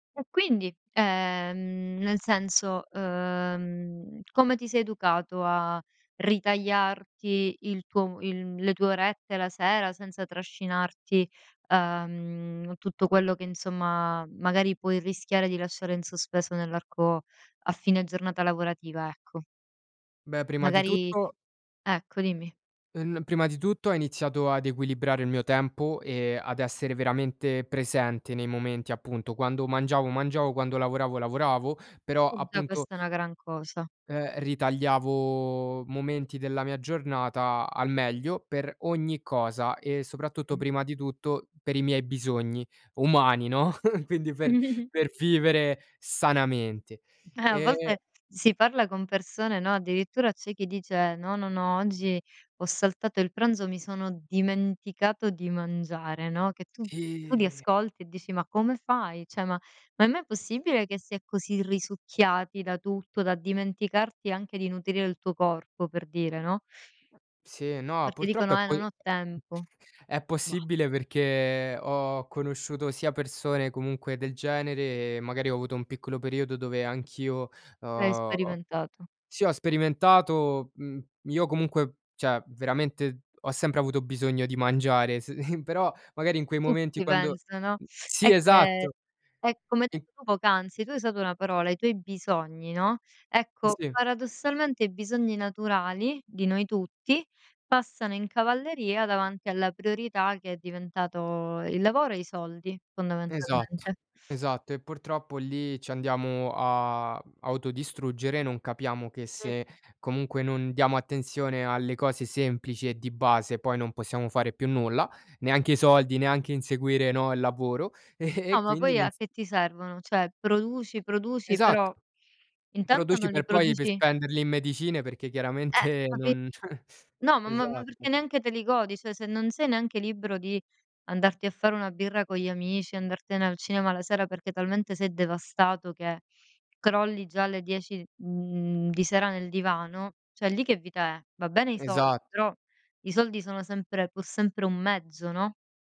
E quindi? Ehm, nel senso, uhm, come ti sei educato a ritagliarti il tuo il le tue orette la sera senza trascinarti, uhm, tutto quello che, insomma, magari puoi rischiare di lasciare in sospeso nell'arco, a fine giornata lavorativa, ecco? Beh, prima di Magari tutto Ecco, dimmi. uhm, n prima di tutto ho iniziato ad equilibrare il mio tempo, e ad essere veramente presente nei momenti, appunto, quando mangiavo, mangiavo, quando lavoravo lavoravo, però E già appunto questa è una gran cosa. ehm, ritagliavo momenti della mia giornata al meglio per ogni cosa, e soprattutto, Mh. prima di tutto, per i miei bisogni umani, no, quindi per per vivere sanamente. Eh, a Ehm volte si parla con persone, no, addirittura c'è chi dice: "No, no, no, oggi ho saltato il pranzo, mi sono dimenticato di mangiare", no, che tu tu li Ehm ascolti e dici: "Ma come fai?" Ceh ma ma è mai possibile che si è così risucchiati da tutto da dimenticarti anche di nutrire il tuo corpo, per dire, no? Sì, no, Perché purtroppo è dicono: "Eh quel non ho tempo." è Bah! possibile perché ho conosciuto sia persone comunque del genere, magari ho avuto un piccolo periodo dove anch'io, L'hai ho sperimentato. Sì, ho sperimentato, mhmm, io comunque, cioè veramente ho sempre avuto bisogno di mangiare, se però, magari, in A quei momenti tutti quando penso, no? Sì, È che esatto. è come hai I detto tu poc'anzi, tu hai usato una parola, "i tuoi bisogni", no, Eh, ecco, sì. paradossalmente i bisogni naturali di noi tutti passano in cavalleria davanti alla priorità che è diventato il lavoro, e i soldi, Esatto, fondamentalmente. esatto. E, purtroppo lì ci andiamo a, mhmm, autodistruggere, non capiamo che Mh. se, comunque, non diamo attenzione alle cose semplici e di base, poi non possiamo fare più nulla, neanche i soldi, neanche inseguire, no, il lavoro, e No, ma quindi poi non s a che ti servono? Ceh, produci, produci, Esatto. però intanto Produci non li per poi per produci spenderli in medicine, perché Eh, chiaramente capi non No, ma ma ma perché Esatto. neanche te li godi, ceh se non sei neanche libero di andarti a fare una birra con gli amici, andartene al cinema la sera perché talmente sei devastato che crolli già alle 10, mhmm, di sera nel divano, ceh lì che vita è? Va bene i sol Esat però i soldi sono sempre pur sempre un mezzo, no?